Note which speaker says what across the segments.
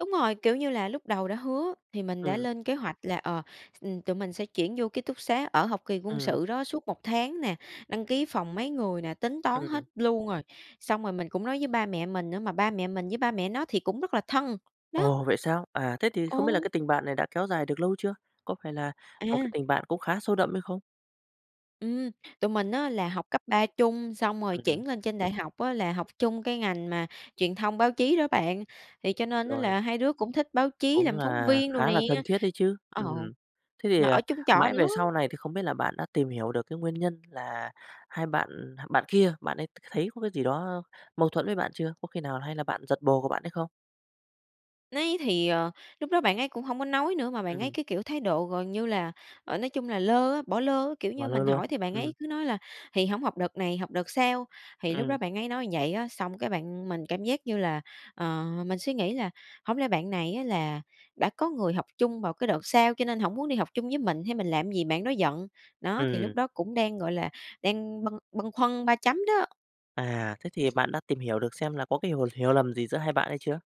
Speaker 1: Đúng rồi, kiểu như là, lúc đầu đã hứa thì mình đã
Speaker 2: Ừm.
Speaker 1: lên kế hoạch là, ờ, x tụi mình sẽ chuyển vô ký túc xá ở học kỳ quân
Speaker 2: Ừm.
Speaker 1: sự đó suốt 1 tháng nè, đăng ký phòng mấy người nè, tính toán
Speaker 2: Ừm.
Speaker 1: hết luôn rồi. Xong rồi mình cũng nói với ba mẹ mình nữa, mà ba mẹ mình với ba mẹ nó thì cũng rất là thân, đó.
Speaker 2: Ồ, vậy sao? À, thế thì không biết là
Speaker 1: Ồ.
Speaker 2: cái tình bạn này đã kéo dài được lâu chưa? Có phải là một cái
Speaker 1: À.
Speaker 2: tình bạn cũng khá sâu đậm hay không?
Speaker 1: Ừm, tụi mình á là học cấp 3 chung xong rồi
Speaker 2: Ừm.
Speaker 1: chuyển lên trên đại học á là học chung cái ngành mà truyền thông báo chí đó bạn. Thì cho nên á
Speaker 2: Rồi.
Speaker 1: là hai đứa cũng thích báo chí
Speaker 2: Cũng
Speaker 1: làm phóng
Speaker 2: là
Speaker 1: viên đồ
Speaker 2: khá
Speaker 1: nè.
Speaker 2: là thân thiết đấy chứ.
Speaker 1: Ờ,
Speaker 2: Ừm, thế thì,
Speaker 1: là
Speaker 2: à,
Speaker 1: ở chung trọ
Speaker 2: mãi về
Speaker 1: nữa.
Speaker 2: sau này thì không biết là bạn đã tìm hiểu được cái nguyên nhân là hai bạn, ừ, h bạn kia, bạn ấy t thấy có cái gì đó mâu thuẫn với bạn chưa? Có khi nào hay là bạn giật bồ của bạn ấy không?
Speaker 1: Ni thì, ờ, lúc đó bạn ấy cũng hông có nói nữa, mà bạn ấy
Speaker 2: Ừm.
Speaker 1: cái, kiểu, thái độ gần như là, ờ, nói chung là lơ á, bỏ lơ, kiểu
Speaker 2: Ngó
Speaker 1: như,
Speaker 2: lơ
Speaker 1: mình
Speaker 2: luôn,
Speaker 1: hỏi thì bạn
Speaker 2: ừm.
Speaker 1: ấy cứ nói là "Thì hổng học đợt này, học đợt sau." Thì lúc
Speaker 2: Ừm.
Speaker 1: đó bạn ấy nói vậy á. Xong cái bạn mình cảm giác như là, ờ, mình suy nghĩ là hổng lẽ bạn này á là đã có người học chung vào cái đợt sau cho nên hổng muốn đi học chung với mình, hay mình làm gì bạn đó giận? Đó, thì
Speaker 2: Ừm.
Speaker 1: lúc đó cũng đang, gọi là, đang bâng bâng khuâng ba chấm đó.
Speaker 2: À, thế thì bạn đã tìm hiểu được xem là có cái hiểu hiểu lầm gì giữa hai bạn hay chưa?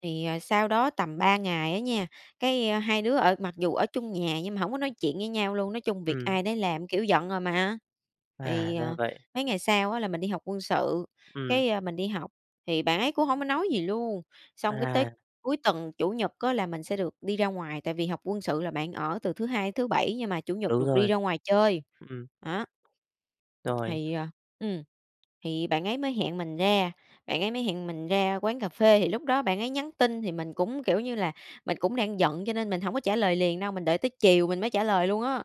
Speaker 1: Thì, ờ, sau đó tầm 3 ngày á nha, cái hai đứa ở mặc dù ở chung nhà nhưng mà hông có nói chuyện với nhau luôn, nói chung việc
Speaker 2: Ừm.
Speaker 1: ai đấy làm, kiểu, giận rồi mà.
Speaker 2: À,
Speaker 1: Thì,
Speaker 2: ra
Speaker 1: ờ,
Speaker 2: vậy.
Speaker 1: mấy ngày sau á là mình đi học quân sự,
Speaker 2: Ừm.
Speaker 1: cái, a, mình đi học, thì bạn ấy cũng hông có nói gì luôn, xong cái tới
Speaker 2: À.
Speaker 1: cuối tuần, Chủ nhật á là mình sẽ được đi ra ngoài, tại vì học quân sự là bạn ở từ thứ Hai thứ Bảy, nhưng mà Chủ nhật
Speaker 2: Đúng
Speaker 1: được đi
Speaker 2: rồi.
Speaker 1: ra ngoài chơi.
Speaker 2: Ừm.
Speaker 1: Đó.
Speaker 2: Rồi.
Speaker 1: Thì, à, ừm, thì bạn ấy mới hẹn mình ra, bạn ấy mới hẹn mình ra quán cà phê, thì lúc đó bạn ấy nhắn tin thì mình cũng, kiểu như là, mình cũng đang giận cho nên mình hổng có trả lời liền đâu, mình đợi tới chiều mình mới trả lời luôn á.